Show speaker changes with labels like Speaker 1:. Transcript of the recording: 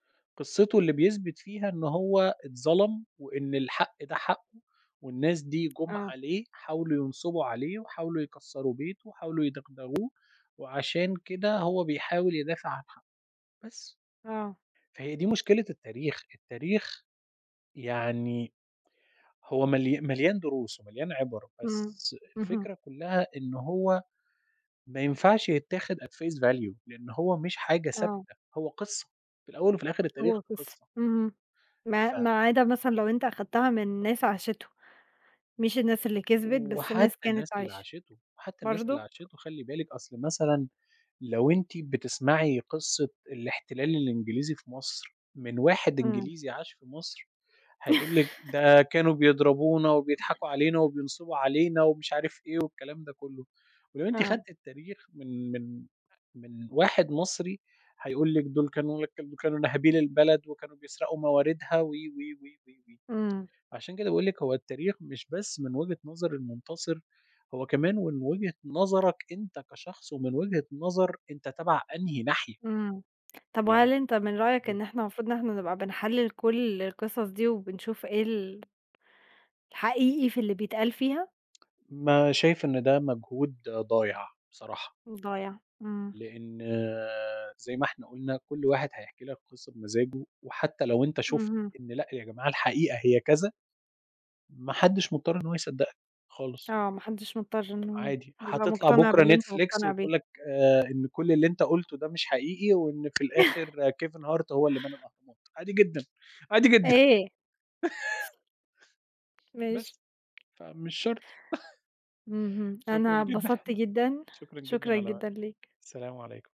Speaker 1: قصتُه اللي بيثبت فيها إن هو اتظلم، وإن الحق ده حقُّه، والناس دي جُم
Speaker 2: آه.
Speaker 1: عليه، حاولوا ينصبوا عليه وحاولوا يكسّروا بيته، وحاولوا يدغدغوه وعشان كده هو بيحاول يدافع عن حقُّه، بس.
Speaker 2: آه.
Speaker 1: فهي دي مشكلة التاريخ، التاريخ يعني هو مليا مليان دروس ومليان عبَر،
Speaker 2: امم،
Speaker 1: بس
Speaker 2: اهم.
Speaker 1: الفكرة كلها إنه هو ما ينفعش يتاخد at phase value لأن هو مش حاجة ثابتة،
Speaker 2: آه.
Speaker 1: هو قصّة، في الأوّل وفي الآخر التاريخ
Speaker 2: هو بس،
Speaker 1: قصّة.
Speaker 2: اهم، ما
Speaker 1: ف
Speaker 2: ما عدا مثلًا لو أنت أخدتها من ناس عاشتُه، مش الناس اللي كِسبِت، بس ناس
Speaker 1: وحتّى
Speaker 2: كانت
Speaker 1: الناس اللي
Speaker 2: عايشة،
Speaker 1: عاشتُه وحتى الناس اللي
Speaker 2: برضه؟
Speaker 1: عاشتُه خلي بالِك أصل مثلًا لو أنتِ بتسمعي قصّة الاحتلال الإنجليزي في مصر، من واحد
Speaker 2: امم.
Speaker 1: إنجليزي عاش في مصر، هيقول لِك ده كانوا بيضربونا وبيضحكوا علينا وبينصبوا علينا ومش عارف إيه والكلام ده كلُّه، ولو أنتِ
Speaker 2: آه.
Speaker 1: خدتِ التاريخ من من من واحد مصري، هيقول لِك دول كانوا كانوا ناهبين البلد وكانوا بيسرقوا مواردها و، و، و.
Speaker 2: امم.
Speaker 1: عشان كده بأقول لِك هو التاريخ مش بس من وجهة نظر المنتصِر، هو كمان من وجهة نظرك أنت كشخص، ومن وجهة نظر أنت تبع أنهي ناحية.
Speaker 2: امم، طب
Speaker 1: يعني
Speaker 2: وهل أنت من رأيك، إن
Speaker 1: [unintelligible]
Speaker 2: إحنا المفروض إن إحنا نبقى بنحلِّل كل القصص دي وبنشوف ايه ال الحقيقي في اللي بيتقال فيها؟
Speaker 1: ما شايف إن ده مجهود ضايع، بصراحة.
Speaker 2: ضايع، امم.
Speaker 1: لأن زي ما إحنا قُلنا كل واحد هيحكي لك قصّة بمزاجُه، وحتى لو أنت شُفت
Speaker 2: اهم.
Speaker 1: إن لأ يا جماعة الحقيقة هي كذا، ما حدش مضطّر إن هو يصدّقك، خالص.
Speaker 2: آه، ما حدش مضطّر إنه
Speaker 1: عادي،
Speaker 2: يبقى
Speaker 1: هتطلع
Speaker 2: مقتنع
Speaker 1: بُكرة
Speaker 2: باللي أنت
Speaker 1: نتفليكس
Speaker 2: مقتنع بيه.
Speaker 1: وتقول لك آآ، إن كُلّ اللي أنت قُلتُه ده مش حقيقي، وإن في الآخر كيفن هارت هو اللي بنى الأهرامات، عادي جدًا عادي جدًا.
Speaker 2: إيه؟ ماشي.
Speaker 1: بس، فمش شرط.
Speaker 2: اهم،
Speaker 1: شكرًا
Speaker 2: أنا
Speaker 1: جدًا،
Speaker 2: اتبسطت جدًا،
Speaker 1: شكرًا جدًا
Speaker 2: شكرًا
Speaker 1: على
Speaker 2: جدًا
Speaker 1: وقتِك،
Speaker 2: ليك.
Speaker 1: السلام عليكم.